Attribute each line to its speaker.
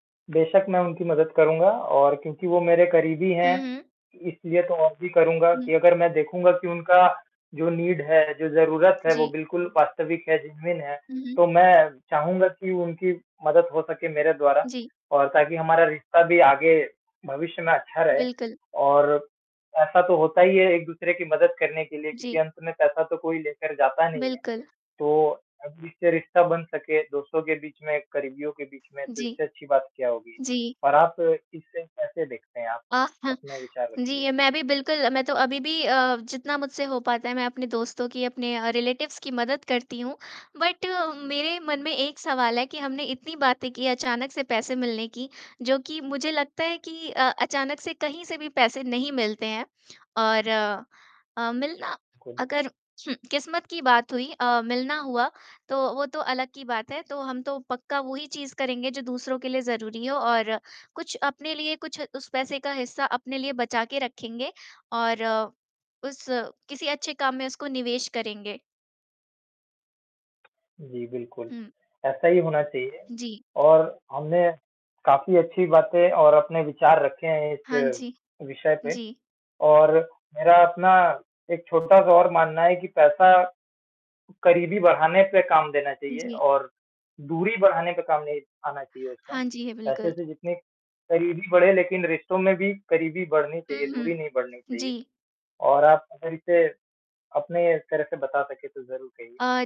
Speaker 1: बेशक़ मैं उनकी मदद करूँगा और क्योंकि वो मेरे करीबी
Speaker 2: हुँ,
Speaker 1: है
Speaker 2: हुँ।
Speaker 1: इसलिए तो और भी करूँगा
Speaker 2: हुँ।
Speaker 1: की अगर मैं देखूँगा की उनका जो नीड है, जो ज़रूरत है वो
Speaker 2: जी।
Speaker 1: बिल्कुल वास्तविक है जेनुइन है
Speaker 2: हुँ, हुँ।
Speaker 1: तो मैं चाहूँगा की उनकी मदद हो सके मेरे द्वारा
Speaker 2: जी।
Speaker 1: और ताकि हमारा रिश्ता भी आगे भविष्य में अच्छा रहे।
Speaker 2: बिल्कुल।
Speaker 1: और ऐसा तो होता ही है एक-दूसरे की मदद करने के लिए क्योंकि
Speaker 2: जी।
Speaker 1: अंत में पैसा तो कोई लेकर जाता नहीं है।
Speaker 2: बिल्कुल।
Speaker 1: तो अब इससे रिश्ता बन सके दोस्तों के बीच में करीबियों के बीच में तो
Speaker 2: जी।
Speaker 1: इससे अच्छी बात क्या होगी?
Speaker 2: जी।
Speaker 1: और आप इसे कैसे देखते हैं आप?
Speaker 2: जी,
Speaker 1: अपने विचार रखिए।
Speaker 2: मैं भी बिल्कुल मैं तो अभी भी अ, जितना मुझसे हो पाता है मैं अपने दोस्तों की अपने रिलेटिव्स की मदद करती हूँ बट मेरे मन में एक सवाल है कि हमने इतनी बातें की अचानक से पैसे मिलने की जो की मुझे लगता है कि अ अचानक से कहीं से भी पैसे नहीं मिलते हैं। और अ, मिलना
Speaker 1: कुल
Speaker 2: अगर किस्मत की बात हुई अ, मिलना हुआ तो वो तो अलग की बात है। तो हम तो पक्का वो ही चीज़ करेंगे जो दूसरों के लिए ज़रूरी हो और कुछ अपने लिए कुछ उस पैसे का हिस्सा अपने लिए बचा के रखेंगे और उस किसी अच्छे काम में उसको निवेश करेंगे।
Speaker 1: जी बिल्कुल,
Speaker 2: हुँ।
Speaker 1: ऐसा ही होना चाहिए
Speaker 2: जी।
Speaker 1: और हमने काफ़ी अच्छी बातें और अपने विचार रखे हैं
Speaker 2: हाँ
Speaker 1: इस
Speaker 2: जी।
Speaker 1: विषय पे
Speaker 2: जी।
Speaker 1: और मेरा अपना एक छोटा-सा और मानना है कि पैसा करीबी बढ़ाने पे काम देना चाहिए
Speaker 2: जी।
Speaker 1: और दूरी बढ़ाने पे काम नहीं आना चाहिए उसका।
Speaker 2: हाँ जी है।
Speaker 1: पैसे
Speaker 2: बिल्कुल।
Speaker 1: से जितनी करीबी बढ़े लेकिन रिश्तों में भी करीबी बढ़नी
Speaker 2: हुँ,
Speaker 1: चाहिए,
Speaker 2: हुँ।
Speaker 1: दूरी नहीं बढ़नी चाहिए।
Speaker 2: जी।
Speaker 1: और आप अगर इसे अपने तरफ से बता सके तो ज़रूर कहिए।
Speaker 2: अ